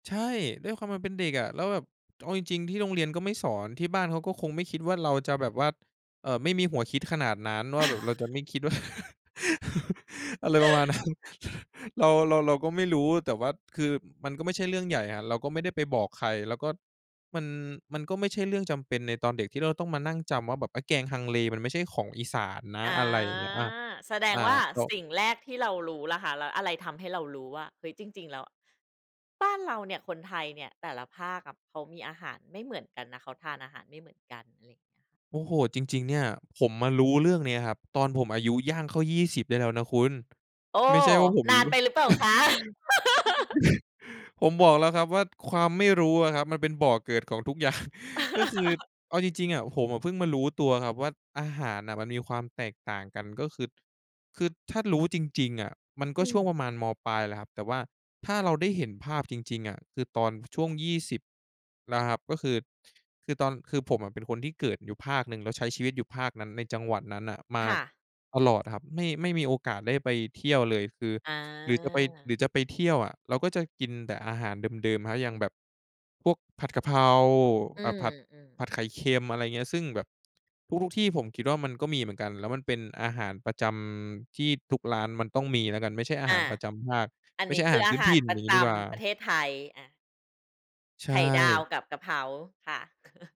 ใช่ ด้วยความมันเป็นเด็กอะ แล้วแบบ เอาจริง ๆ ที่โรงเรียนก็ไม่สอน ที่บ้านเขาก็คงไม่คิดว่าเราจะแบบว่า เอ่อ ไม่มีหัวคิดขนาดนั้นว่าแบบเราจะไม่คิดว่า อะไรประมาณนั้น เรา เรา เราก็ไม่รู้ แต่ว่า คือมันก็ไม่ใช่เรื่องใหญ่อะ เราก็ไม่ได้ไปบอกใคร แล้วก็ มัน มันก็ไม่ใช่เรื่องจำเป็นในตอนเด็กที่เราต้องมานั่งจำว่า แบบไอ้แกงฮังเลมันไม่ใช่ของอีสานนะ อ๋อ อะไรอย่างเงี้ย อา แสดอง่า ว่าก็ สิ่งแรกที่เรารู้แหละค่ะ แล้วอะไรทำให้เรารู้ว่า เฮ้ย จริง ๆ แล้ว บ้านเราเนี่ย คนไทยเนี่ย แต่ละภาคอะเขามีอาหารไม่เหมือนกันนะ เขาทานอาหารไม่เหมือนกัน อะไรเงี้ย โอ้โฮ จริง ๆ เนี่ย ผมมารู้เรื่องเนี้ยครับ ตอนผมอายุย่างเข้า 20 ได้แล้วนะคุณ โอ้ ไม่ใช่ว่าผมนรานู้ ไปหรือเปล่าคะ? ผมบอกแล้วครับว่า ความไม่รู้อะครับมันเป็นบ่อเกิดของทุก อย่าง ก็คือ เอาจริง ๆ อะ ผมอะเพิ่งมารู้ตัวครับว่า อาหารน่ะมันมีความแตกต่างกัน ก็คือ คือถ้ารู้จริง ๆ อะ มันกอ็ืช่วม งประมาณ ม.ปลายแหละครับ แต่ว่าถ้าเราได้เห็นภาพจริง ๆ อะ คือตอนช่วง 20 นะครับ ก็คือ คือตอน คือผมอะเป็นคนที่เกิดอยู่ภาคหนึ่ง แล้วใช้ชีวิตอยู่ภาคนั้น ในจังหวัดนั้นน่ะมาค่ะ ตลอดครับ ไม่ ไม่มีโอกาสได้ไปเที่ยวเลย คือ อ๋หรือจะไป หรอ ือจะไปเที่ยวอะ เราก็จะกินแต่อาหารเดิม ๆ ครับ อย่างแบบพวกผัดกะเพรา อือ่า ผัด ม ผๆ ัดไข่เค็ม อะไรอย่างเงี้ย ซึ่งแบบทุก ๆ ที่ผมคิดว่ามันก็มีเหมือนกัน แล้วมันเป็นอาหารประจำที่ทุกร้านมันต้องมีแล้วกัน ไม่ใช่อาอหาะ รประจำภาค อันไม่นใีช้่อคาหืาอรอพาื้นหาถริ่น ปอรย่ะางงจี้ดีกว่า ำประเทศไทย อะ ใชไข่ดาว่ กับกะเพราค่ะ